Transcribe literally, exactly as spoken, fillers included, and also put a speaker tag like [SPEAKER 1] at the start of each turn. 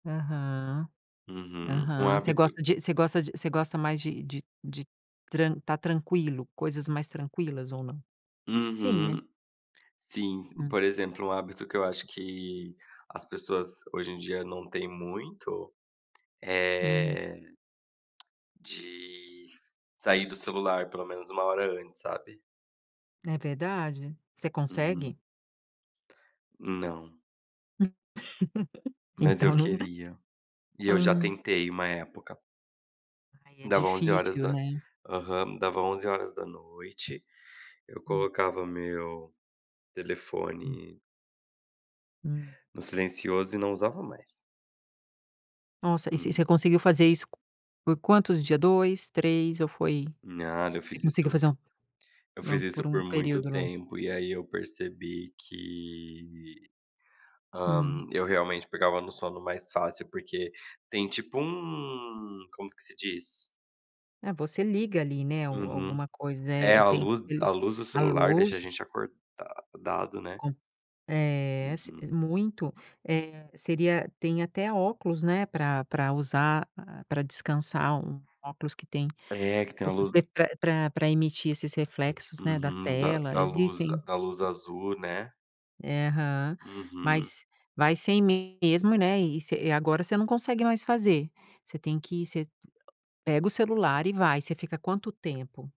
[SPEAKER 1] Aham,
[SPEAKER 2] Uhum, um
[SPEAKER 1] aham. Você
[SPEAKER 2] hábito.
[SPEAKER 1] gosta de você gosta de você gosta, mais de de de tran estar tranquilo, coisas mais tranquilas ou não? Sim, né?
[SPEAKER 2] Uhum, sim,
[SPEAKER 1] Hum.
[SPEAKER 2] por exemplo, um hábito que eu acho que as pessoas hoje em dia não têm muito,
[SPEAKER 1] Hum.
[SPEAKER 2] eh, de sair do celular pelo menos, uma hora antes, sabe?
[SPEAKER 1] É verdade, você
[SPEAKER 2] Uhum.
[SPEAKER 1] consegue?
[SPEAKER 2] Não.
[SPEAKER 1] Hum,
[SPEAKER 2] Mas eu
[SPEAKER 1] então não né
[SPEAKER 2] queria. E eu já
[SPEAKER 1] ah.
[SPEAKER 2] tentei uma época.
[SPEAKER 1] Ai é
[SPEAKER 2] Dava onze horas
[SPEAKER 1] difícil,
[SPEAKER 2] da
[SPEAKER 1] né?
[SPEAKER 2] aham, dava onze horas da noite, eu
[SPEAKER 1] Hum.
[SPEAKER 2] colocava meu
[SPEAKER 1] Hum.
[SPEAKER 2] telefone
[SPEAKER 1] Hum.
[SPEAKER 2] no silencioso e não usava mais.
[SPEAKER 1] Nossa, e você
[SPEAKER 2] Hum.
[SPEAKER 1] você conseguiu fazer isso, por quantos dias dois, três ou foi
[SPEAKER 2] Nada, eu
[SPEAKER 1] você
[SPEAKER 2] fiz
[SPEAKER 1] conseguiu
[SPEAKER 2] isso
[SPEAKER 1] fazer um
[SPEAKER 2] eu
[SPEAKER 1] por um
[SPEAKER 2] fiz
[SPEAKER 1] por
[SPEAKER 2] isso
[SPEAKER 1] um
[SPEAKER 2] por muito
[SPEAKER 1] período longo?
[SPEAKER 2] tempo e aí eu percebi que, hã,
[SPEAKER 1] Hum.
[SPEAKER 2] eu realmente pegava no sono mais fácil, porque tem tipo um, como que se diz?
[SPEAKER 1] É você liga ali, né,
[SPEAKER 2] Uhum.
[SPEAKER 1] alguma coisa
[SPEAKER 2] É
[SPEAKER 1] é
[SPEAKER 2] a
[SPEAKER 1] tem
[SPEAKER 2] luz a
[SPEAKER 1] ali,
[SPEAKER 2] luz do
[SPEAKER 1] a
[SPEAKER 2] celular, deixa a
[SPEAKER 1] luz.
[SPEAKER 2] gente acordado né?
[SPEAKER 1] Com eh, s
[SPEAKER 2] Uhum.
[SPEAKER 1] muito, eh, seria tem até óculos, né, pra pra usar, pra descansar, um óculos que tem
[SPEAKER 2] É que tem a luz.
[SPEAKER 1] [unintelligible] pra pra emitir esses reflexos, né, da
[SPEAKER 2] Uhum, da
[SPEAKER 1] tela
[SPEAKER 2] da luz
[SPEAKER 1] existem.
[SPEAKER 2] da luz azul, né?
[SPEAKER 1] Aham,
[SPEAKER 2] Uhum.
[SPEAKER 1] mas vai sem mesmo, né, e ce agora você não consegue mais fazer, você tem que ce pega o celular, e vai você fica quanto tempo?